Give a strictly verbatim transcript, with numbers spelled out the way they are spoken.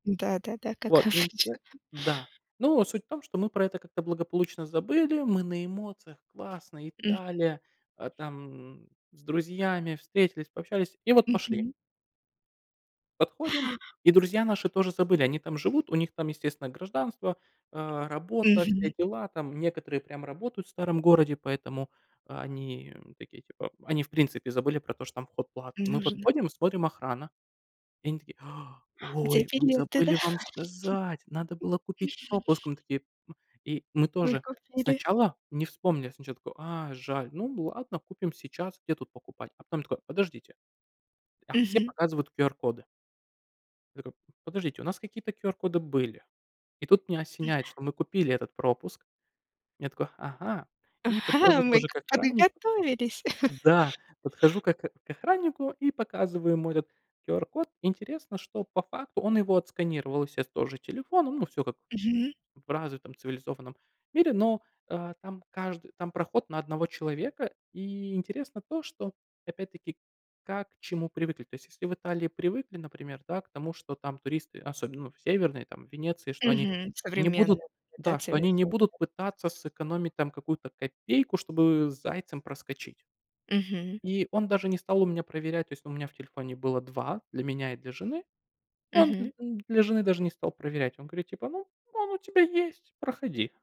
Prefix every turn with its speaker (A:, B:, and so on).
A: Да-да-да, как
B: Вот, интерес
A: обычно.
B: да. Но суть в том, что мы про это как-то благополучно забыли. Мы на эмоциях, классно,
A: Мгм.
B: Италия, э, там с друзьями встретились, пообщались и вот пошли.
A: Мгм.
B: Подходим, и друзья наши тоже забыли. Они там живут, у них там, естественно, гражданство, э, работа, все
A: Мгм.
B: дела. Там, некоторые прям работают в старом городе, поэтому они такие типа— они, в принципе, забыли про то, что там вход платный. Мы
A: Нужно.
B: подходим, смотрим: охрана. И они такие:
A: Где
B: "Ой, мы
A: билеты, да.
B: забыли вам сказать, надо было купить пропуск". Мы такие, и мы
A: Вы
B: тоже
A: купили.
B: сначала не вспомнилось ничего такого: а, жаль, ну ладно, купим сейчас, где тут покупать? А потом такой: "Подождите. А все
A: Мгм.
B: показывают QR-коды". Так, а, подождите, у нас какие-то QR-коды были. И тут меня осеняет,
A: М-да.
B: что мы купили этот пропуск. Я такой: "Ага". И
A: Ага,
B: подхожу
A: мы
B: тоже
A: к
B: к охраннику.
A: подготовились.
B: Да, подхожу к ох к охраннику и показываю ему этот QR-код. Интересно, что по факту он его отсканировал, есес, тоже телефоном. Ну, всё как
A: Мгм.
B: в развитом цивилизованном мире, но, э, там кажд там проход на одного человека, и интересно то, что, опять-таки, как к чему привыкли. То есть если в Италии привыкли, например, да, к тому, что там туристы, особенно, ну, в северной там, в Венеции, что они
A: Мгм.
B: не будут
A: Современная, да,
B: да, что они не
A: целесообра
B: будут пытаться сэкономить там какую-то копейку, чтобы зайцем проскочить.
A: Мгм.
B: И он даже не стал у меня проверять, то есть у меня в телефоне было два: для меня и для жены. Он дл
A: Мгм.
B: он для жены даже не стал проверять. Он говорит типа: "Ну, он у тебя есть- проходи."